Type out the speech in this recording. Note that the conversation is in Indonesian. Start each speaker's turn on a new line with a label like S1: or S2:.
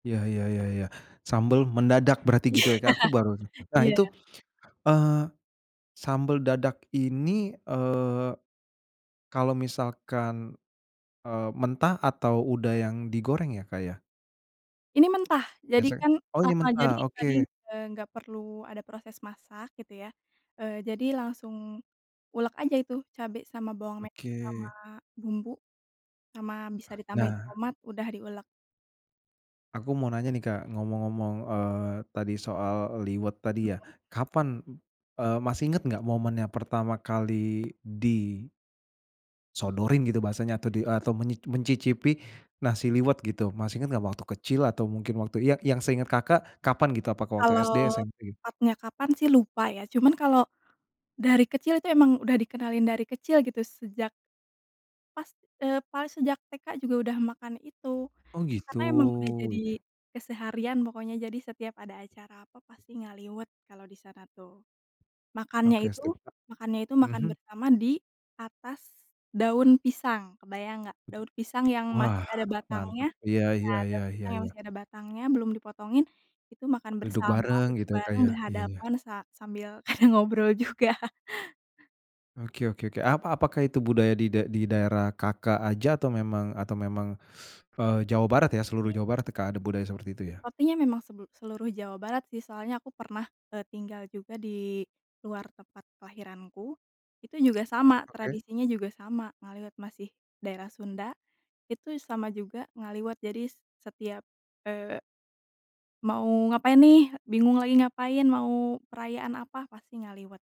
S1: Ya ya ya ya. Sambal mendadak berarti gitu ya Kak, aku baru [unintelligible] nah
S2: Iya.
S1: itu, eee, sambal dadak ini, eee, kalo misalkan, eee, mentah atau udah yang digoreng ya, Kak, ya?
S2: Ini mentah. Jadi
S1: Biasa
S2: kan
S1: oh
S2: ah
S1: ini
S2: hah jadi
S1: mentah,
S2: tadi,
S1: oke.
S2: eee, nggak perlu ada proses masak gitu ya. eee, jadi langsung ulek aja itu cabe sama bawang me sama
S1: Oke.
S2: bumbu, sama bisa ditambahin
S1: Nah.
S2: tomat, udah diuleg.
S1: Aku mau nanya nih Kak,
S2: Mhm.
S1: ngomong-ngomong, eee, tadi soal liwet tadi ya.
S2: Belum.
S1: Kapan, e masih inget nggak momen yang pertama kali di sodorin gitu bahasanya atau di e atau menyi mencicipi nasi liwet gitu. Masih inget nggak waktu kecil atau mungkin waktu ya yang seinget Kakak kapan gitu? Apakah waktu SD?
S2: Kalau
S1: [unintelligible]
S2: tepatnya kapan sih lupa ya, cuman kalau dari kecil itu emang udah dikenalin dari kecil gitu sejak pas, eee, pas sejak TK juga udah makan itu.
S1: Oh gitu,
S2: Karena emang udah jadi
S1: iya.
S2: keseharian pokoknya jadi setiap ada acara apa pasti ngaliwet kalau disana tuh. Makannya
S1: Oke
S2: itu
S1: sip Kak,
S2: makannya itu makan
S1: mhm.
S2: bersama di atas daun pisang kebayang nggak? Daun pisang yang
S1: Wah
S2: masih ada batangnya
S1: mantep, iya
S2: iya,
S1: iya
S2: daun
S1: iya iya iya
S2: pisang yang
S1: iya.
S2: masih ada batangnya belum dipotongin, itu makan
S1: Duduk
S2: bersama,
S1: bareng
S2: duduk
S1: gitu ya Kak
S2: bareng,
S1: ya? Iya iya.
S2: berhadapan sa sambil ada ngobrol juga.
S1: Oke oke Kak, ap apakah itu budaya di da di daerah Kakak aja? Atau memang atau memang, eee, Jawa Barat ya seluruh
S2: Iya.
S1: Jawa Barat tuh Kak ada budaya seperti itu ya?
S2: Sepertinya memang sebel seluruh Jawa Barat sih soalnya aku pernah, e tinggal juga di luar tempat kelahiranku. Itu juga sama
S1: Oke.
S2: tradisinya juga sama ngaliwet masih daerah Sunda, itu sama juga ngaliwet. Jadi s setiap, eee mau ngapain nih bingung lagi ngapain mau perayaan apa, pasti ngaliwet.